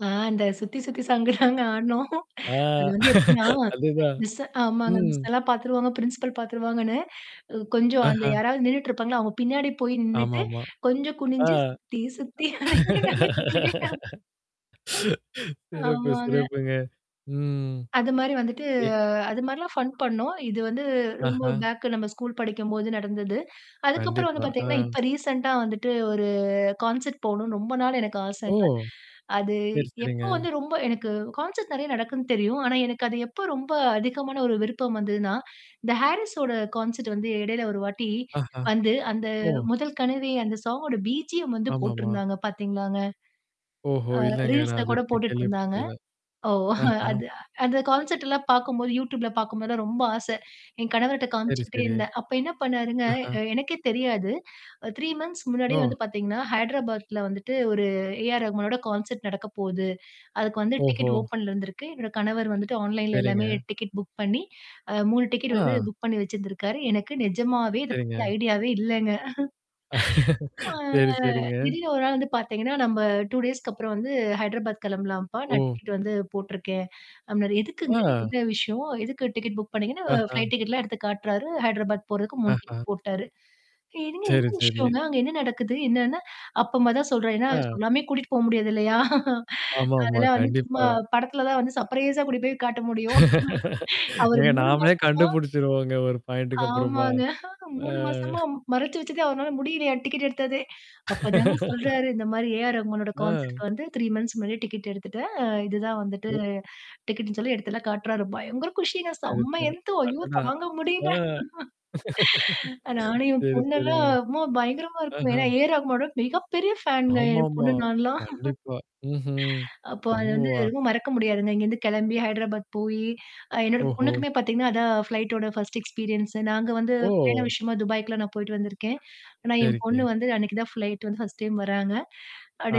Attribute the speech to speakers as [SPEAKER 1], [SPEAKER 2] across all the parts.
[SPEAKER 1] ஆ, அந்த சுத்தி, சுத்தி சாங்குதாங்க ஆடுனோம்.
[SPEAKER 2] ஆ.
[SPEAKER 1] அது வந்து எப்படின்னா,
[SPEAKER 2] அதுதான்.
[SPEAKER 1] மிஸ்ஸு ஆமாங்க.
[SPEAKER 2] ம்.
[SPEAKER 1] மிஸ்ஸலாம் பார்த்துருவாங்க, பிரின்சிபல் பார்த்துருவாங்கன்னு, அ கொஞ்சம் அந்த
[SPEAKER 2] ஆஹா!
[SPEAKER 1] யாராவது நின்னுட்டு இருப்பாங்க, அவுங்க பின்னாடி போய் நின்னுட்டு,
[SPEAKER 2] ஆமாமா.
[SPEAKER 1] கொஞ்சம்
[SPEAKER 2] ஆ.
[SPEAKER 1] குனிஞ்சு சுத்தி, சுத்தி நாங்க சுத்திட்டே அ.
[SPEAKER 2] சிறப்பு,
[SPEAKER 1] ஆமாங்க.
[SPEAKER 2] சிறப்புங்க. ம்.
[SPEAKER 1] அது மாரி வந்துட்டு
[SPEAKER 2] எ
[SPEAKER 1] அது மாரிலாம் ஃபன் பண்ணோம். இது வந்து ரொம்ப
[SPEAKER 2] ஆஹா!
[SPEAKER 1] பேக்கு, நம்ம ஸ்கூல் படிக்கும்போது நடந்தது. அதுக்கப்புறம் வந்து
[SPEAKER 2] கண்டிப்பா.
[SPEAKER 1] பார்த்தீங்கன்னா,
[SPEAKER 2] ஆ.
[SPEAKER 1] இப்ப ரீசென்ண்டா வந்துட்டு ஒரு கான்செர்ட் போகணுன்னு ரொம்ப நாள் எனக்கு
[SPEAKER 2] ஓ!
[SPEAKER 1] ஆசைங்க. அது
[SPEAKER 2] சரி, சரிங்க.
[SPEAKER 1] எப்போ வந்து ரொம்ப எனக்கு கான்செர்ட் நெறைய நடக்குதுன்னு தெரியும். ஆனா, எனக்கு அது எப்ப ரொம்ப அதிகமான ஒரு விருப்பம் வந்ததுன்னா, இந்த ஹாரிஸ்ஸோட கான்செர்ட் வந்து இடையில ஒரு வாட்டி
[SPEAKER 2] ஆஹா!
[SPEAKER 1] வந்து, அந்த
[SPEAKER 2] ஓ!
[SPEAKER 1] "முதல் கனவே" அந்த சாங்கோட பீஜியம் வந்து
[SPEAKER 2] ஆமாமா.
[SPEAKER 1] போட்டுருந்தாங்க பார்த்தீங்களாங்க?
[SPEAKER 2] ஓஹோ!
[SPEAKER 1] அ
[SPEAKER 2] இல்லங்க.
[SPEAKER 1] ரீல்ஸ்ல
[SPEAKER 2] நான்
[SPEAKER 1] கூட
[SPEAKER 2] இதுவரைக்கும்
[SPEAKER 1] போட்டுட்டு இருந்தாங்க.
[SPEAKER 2] கேள்விப்பட்டதில்ல.
[SPEAKER 1] ஓ!
[SPEAKER 2] ஆஹா!
[SPEAKER 1] அது அந்த கான்செல்ட்லாம் பார்க்கும்போது Youtubeல பார்க்கும்போதல்லாம் ரொம்ப ஆசை. என் கணவர்ட்ட
[SPEAKER 2] சரி,
[SPEAKER 1] காமிச்சுக்கிட்டே
[SPEAKER 2] சரி.
[SPEAKER 1] இருந்தேன். அப்ப என்ன பண்ணாருங்க
[SPEAKER 2] ஆஹா!
[SPEAKER 1] எ எனக்கே தெரியாது. 3 மந்த்த்ஸ் முன்னாடியே
[SPEAKER 2] ஓ!
[SPEAKER 1] வந்து பார்த்தீங்கன்னா, ஹைதராபாத்ல வந்துட்டு ஒரு ஏ ஆர் ரகுமனோட கான்செர்ட் நடக்க போகுது. அதுக்கு வந்து
[SPEAKER 2] ஓஹோ!
[SPEAKER 1] டிக்கெட் ஓப்பன்ல இருந்திருக்கு. என்னோட கணவர் வந்துட்டு ஆன்லைன்ல எல்லாமே
[SPEAKER 2] சரிங்க.
[SPEAKER 1] டிக்கெட் புக் பண்ணி, அ 3 டிக்கெட் வந்து
[SPEAKER 2] ஆ.
[SPEAKER 1] புக் பண்ணி வச்சிருந்திருக்காரு. எனக்கு நிஜமாவே இத பத்தி
[SPEAKER 2] சரிங்க.
[SPEAKER 1] ஐடியாவே இல்லங்க. அ.
[SPEAKER 2] சரி,
[SPEAKER 1] ஆ
[SPEAKER 2] சரிங்க.
[SPEAKER 1] திடீர்னு ஒரு நாள் வந்து பார்த்தீங்கன்னா, "நம்ம 2 டேஸ்க்கு அப்புறம் வந்து ஹைதராபாத் கிளம்பலாம்ப்பா. நான்
[SPEAKER 2] ஓ!
[SPEAKER 1] டிக்கெட் வந்து போட்டுருக்கேன்." அப்பிடீன்னாரு. "எதுக்குங்க?
[SPEAKER 2] ஆ.
[SPEAKER 1] என்ன விஷயம்?" எதுக்கு டிக்கெட் புக் பண்ணீங்கன்னு
[SPEAKER 2] ஆஹா!
[SPEAKER 1] ஃப்ளைட் டிக்கெட்லாம் எடுத்து காட்டுறாரு. ஹைதராபாத் போறதுக்கு 3
[SPEAKER 2] ஆஹா!
[SPEAKER 1] டிக்கெட் போட்டுடாரு. "என்னங்க,
[SPEAKER 2] சரி,
[SPEAKER 1] என்ன
[SPEAKER 2] சரி.
[SPEAKER 1] விஷயங்க? அங்க என்ன நடக்குது?" என்னன்னா, அப்பதான் தான் சொல்றாரு. ஏன்னா
[SPEAKER 2] அ.
[SPEAKER 1] சொல்லாமே கூட்டிட்டு போக முடியாது இல்லயா!
[SPEAKER 2] ஆமாமா.
[SPEAKER 1] அதெல்லாம் வந்து
[SPEAKER 2] கண்டிப்பா.
[SPEAKER 1] சும்மா படத்தில தான் வந்து சர்ப்ரைஸா கூட்டிட்டு போய் காட்ட முடியும். அவரு
[SPEAKER 2] ஏங்க
[SPEAKER 1] 3
[SPEAKER 2] நாமளே
[SPEAKER 1] மாசமா
[SPEAKER 2] கண்டுபிடிச்சுருவோங்க, ஒரு பாயிண்ட்டக்கு அப்பறமா.
[SPEAKER 1] ஆமாங்க.
[SPEAKER 2] ஆ.
[SPEAKER 1] 3 மாசமா மறைச்சு வச்சதே, அவருனால முடியலயாம், டிக்கெட் எடுத்ததே. அப்பதாங்க சொல்றாரு, இந்த மாரி ஏ ஆர் ரகுமனோட கான்செர்ட்
[SPEAKER 2] அ.
[SPEAKER 1] வந்து 3 மந்த்ஸ் முன்னாடியே டிக்கெட் எடுத்துட்டேன். அ இதுதான் வந்துட்டு டிக்கெட்ன்னு சொல்லி, எடுத்தத்தெல்லாம் காட்டு்றாரு. பயங்கர குஷிங்க.
[SPEAKER 2] சரி,
[SPEAKER 1] செம்ம
[SPEAKER 2] சரி.
[SPEAKER 1] என்து ஐயோ!
[SPEAKER 2] அடடா!
[SPEAKER 1] தாங்க முடியல.
[SPEAKER 2] ஆ.
[SPEAKER 1] நானும் என்
[SPEAKER 2] சரி,
[SPEAKER 1] பொண்ணெல்லாம்
[SPEAKER 2] சரிங்க.
[SPEAKER 1] "அம்மா பயங்கரமா இருக்கு."
[SPEAKER 2] ஆஹா!
[SPEAKER 1] ஏன்னா ஏ ஆர் ரகுமானோட மிகப்பெரிய ஃபேன்ங்க என்
[SPEAKER 2] ஆமாமா.
[SPEAKER 1] பொண்ணு, நான்லாம்.
[SPEAKER 2] கண்டிப்பா. ம்ஹ்ம்.
[SPEAKER 1] அப்போ அது வந்து
[SPEAKER 2] [unintelligible]
[SPEAKER 1] எதுவும் மறக்க முடியாதுங்க. இங்கேருந்து கிளம்பி ஹைதராபாத் போயி அ என்னோட
[SPEAKER 2] ஓஹோ!
[SPEAKER 1] பொண்ணுக்குமே பார்த்தீங்கன்னா, அதான் ஃப்ளைட்டோட 1 எக்ஸ்பீரியன்ஸ். நாங்க வந்து பயண
[SPEAKER 2] ஓ!
[SPEAKER 1] விஷயமா துபாய்க்குலாம் நான் போயிட்டு வந்திருக்கேன். ஆனா என்
[SPEAKER 2] சரிங்கே.
[SPEAKER 1] பொண்ணு வந்து அன்னக்கி தான் ஃப்ளைட் வந்து ஃபர்ஸ்ட் டைம் வராங்க.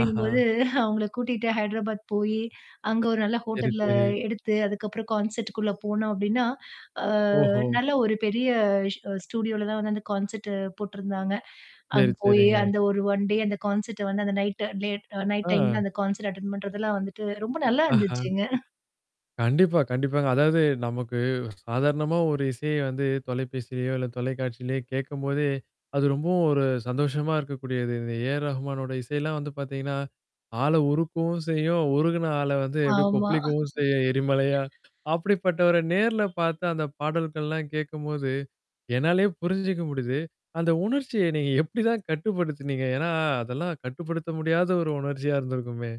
[SPEAKER 2] ஆஹா!
[SPEAKER 1] அவுங்கள கூட்டிட்டு ஹைதராபாத் போயி, அங்க ஒரு நல்ல
[SPEAKER 2] சரி,
[SPEAKER 1] ஹோட்டல்ல
[SPEAKER 2] சரி.
[SPEAKER 1] எடுத்து, அதுக்கப்புறம் கான்செர்ட்குள்ள போனோம் அப்பிடின்னா, ஆ
[SPEAKER 2] ஓஹோ!
[SPEAKER 1] நல்ல ஒரு பெரிய ஸ் ஸ்டுடியோல தான் வந்து அந்த கான்செர்ட் போட்டுருந்தாங்க. அங்க
[SPEAKER 2] சரி,
[SPEAKER 1] போயி
[SPEAKER 2] சரிங்க.
[SPEAKER 1] அந்த ஒரு 1 டே அந்த கான்செர்ட் வந்து அந்த நைட் லேட் நைட்
[SPEAKER 2] ஆ.
[SPEAKER 1] டைம்ல அந்த கான்செர்ட் அட்டெண்ட் பண்றதெல்லாம் வந்துட்டு ரொம்ப நல்லா
[SPEAKER 2] ஆஹா!
[SPEAKER 1] இருந்துச்சுங்க.
[SPEAKER 2] கண்டிப்பா, கண்டிப்பாங்க. அதாவது நமக்கு சாதாரணமா ஒரு இசைய வந்து தொலைபேசிலயோ! இல்ல தொலைக்காட்சியிலயோ கேட்கும்போதே, அது ரொம்பவும் ஒரு சந்தோஷமா இருக்கக்கூடியது. இந்த ஏ ஆர் ரஹ்மானோட இசையில்லாம் வந்து பார்த்தீங்கன்னா, ஆள உருக்கவும் செய்யும். உருகுன ஆள வந்து எப்பிடி,
[SPEAKER 1] ஆமா.
[SPEAKER 2] கொப்பளிக்கவும் செய்யும் எரிமலையா. அப்பிடிப்பட்டவர நேர்ல பார்த்த அந்த பாடல்கள்லாம் கேட்கும்போது, என்னாலயே புரிஞ்சுக்க முடியுது. அந்த உணர்ச்சிய நீங்க எப்பிடிதான் கட்டுப்படுத்தத்துனீங்க? ஏன்னா, அதெல்லாம் கட்டுப்படுத்த முடியாத ஒரு உணர்ச்சியா இருந்திருக்குமே!